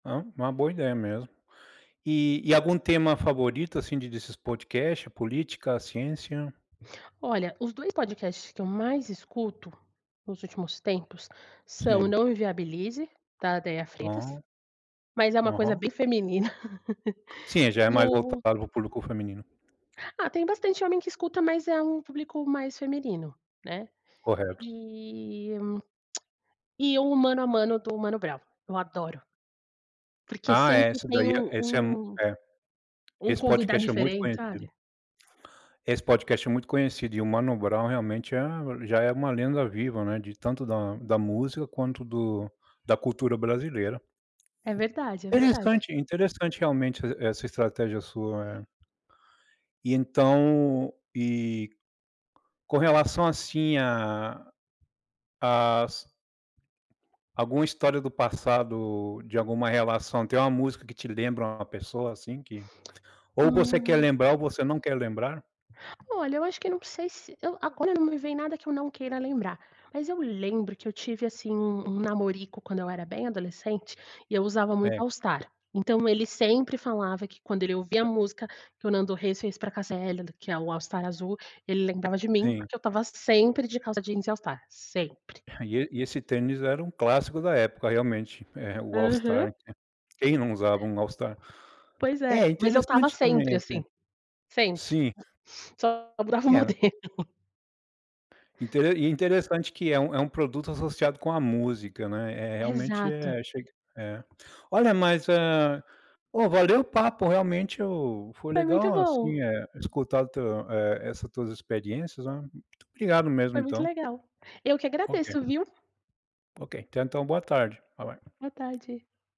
Ah, uma boa ideia mesmo. E e algum tema favorito assim de desses podcast? Política, ciência? Olha, os 2 podcasts que eu mais escuto, nos últimos tempos, são: Sim. Não Inviabilize, da Déia Freitas, Hã. mas é uma coisa Aham. bem feminina Sim, já é e mais voltado o para o público feminino. Ah, tem bastante homem que escuta, mas é um público mais feminino, né, Correto. eh, e o Mano a Mano do Mano Brown, eu adoro porque Ah é, sempre essa tem daí um é esse é mui um é um esse convidado podcast é muito diferente, conhecido. sabe? Esse podcast é muito conhecido, e o Mano Brown, realmente, é já é uma lenda viva, né, de tanto da da música quanto do da cultura brasileira. É verdade, é verdade. Interessante interessante, realmente, e essa estratégia sua é. E então e com relação, assim, a as alguma história do passado, de alguma relação: tem uma música que te lembra uma pessoa, assim, que ou você quer Hum. lembrar ou você não quer lembrar? Olha, eu acho que não sei se eu agora não me vem nada que eu não queira lembrar, mas eu lembro que eu tive, assim um um namorico quando eu era bem adolescente, e eu usava muito É. All Star. Então, ele sempre falava que, quando ele ouvia a música que o Nando Reis fez para a Cássia Eller, que é o All Star azul, ele lembrava de mim, Sim. porque eu estava sempre de calça jeans e All Star, sempre. E e e esse tênis era um clássico da época realmente, eh, o All Aham. Star. Quem não usava um All Star? Pois é. É, Mas eu estava interessante também, sempre, assim assim, sempre, Sim. só mudava o E era modelo. Intere interessante que é um é um produto associado com uma música, né, é é realmente Exato. é achei que é. Olha, mas eh, ó, valeu o papo, realmente, eu foi Foi muito legal, assim, bom. eh, escutar o teu eh, essas tuas experiências, né. Muito obrigado mesmo, Foi muito então. legal. Eu que Ok. agradeço, viu. Ok, tenha então uma boa tarde, bye, bye. Boa tarde.